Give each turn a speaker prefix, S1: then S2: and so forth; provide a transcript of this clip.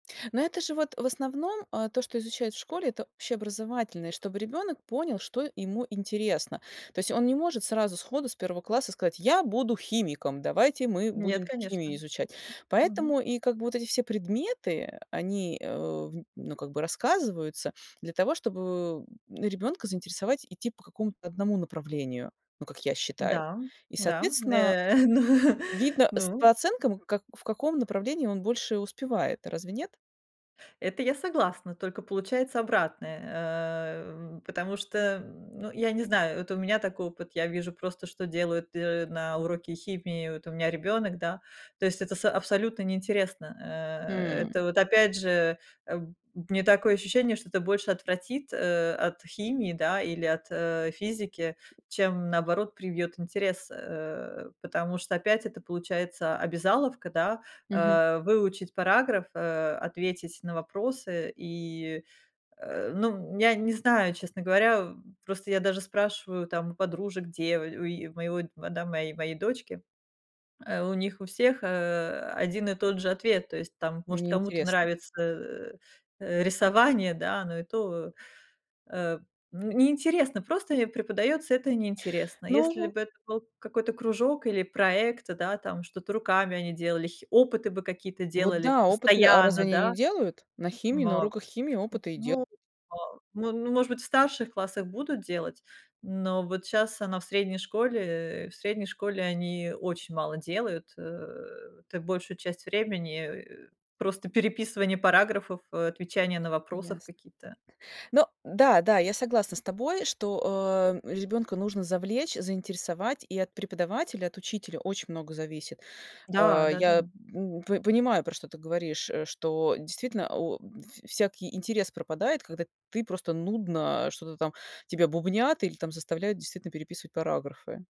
S1: Но это же вот, в основном, э, то, что изучают в школе- это общеобразовательные, чтобы ребенок понял, что ему интересно. То есть он не может сразу сходу с первого класса сказать: "Я буду химиком, давайте мы
S2: Нет,
S1: будем
S2: конечно.
S1: химию изучать".
S2: Мгм.
S1: Поэтому и как бы вот эти все предметы- они, э, в ну как бы рассказываются для того, чтобы ребёнка заинтересовать, идти по какому-то одному направлению, ну, как я считаю.
S2: Да,
S1: И,
S2: да,
S1: соответственно,
S2: э, ну,
S1: видно с по
S2: ну.
S1: оценкам, как в каком направлении он больше успевает, разве нет?
S2: Это я согласна, только получается обратное, эм, потому что, м, ну, я не знаю, вот у меня такой опыт, я вижу просто, что делают д э, на уроке химии, вот у меня ребёнок, да. То есть это с абсолютно неинтересно, э, это
S1: М.
S2: вот опять же, э, б у меня такое ощущение, что это больше отвратит, э, от химии, да, или от, э, физики, чем наоборот привьёт интерес, э. Потому что опять это получается обязаловка, да,
S1: Мгм.
S2: э, выучить параграф, э, ответить на вопросы и, э, ну, я не знаю, честно говоря. Просто я даже спрашиваю там у подружек, дево у е у моего, да моей моей дочке, э, у них у всех, э, один и тот же ответ, то есть, там, может, кому-то
S1: Неинтересно.
S2: нравится э, э, рисование, да, но и то, э, н неинтересно, просто им преподаётся, это неинтересно. Если
S1: Ну
S2: бы это был какой-то кружок или проекты, да, там, что-то руками они делали, хи опыты бы какие-то
S1: Вот
S2: делали в
S1: да, опыты, а разве
S2: постоянно,
S1: они
S2: да.
S1: не делают? На химии, на
S2: Моп
S1: уроках химии опыты и делают.
S2: ну во ну ну может быть, в старших классах будут делать, но вот щас она в средней школе, э, в средней школе они очень мало делают. Э, ты большую часть времени, э, просто переписывание параграфов, э, отвечание на вопросов
S1: Ясно.
S2: какие-то.
S1: Но да, да, я согласна с тобой, что, э, ребёнка нужно завлечь, заинтересовать и от преподавателя, от учителя, очень много зависит.
S2: Да,
S1: Э, я,
S2: да-да.
S1: м, п понимаю, про что ты говоришь, что действительно, у в всякий интерес пропадает, когда ты просто нудно что-то там тебя бубнят или там заставляют, действительно, переписывать параграфы.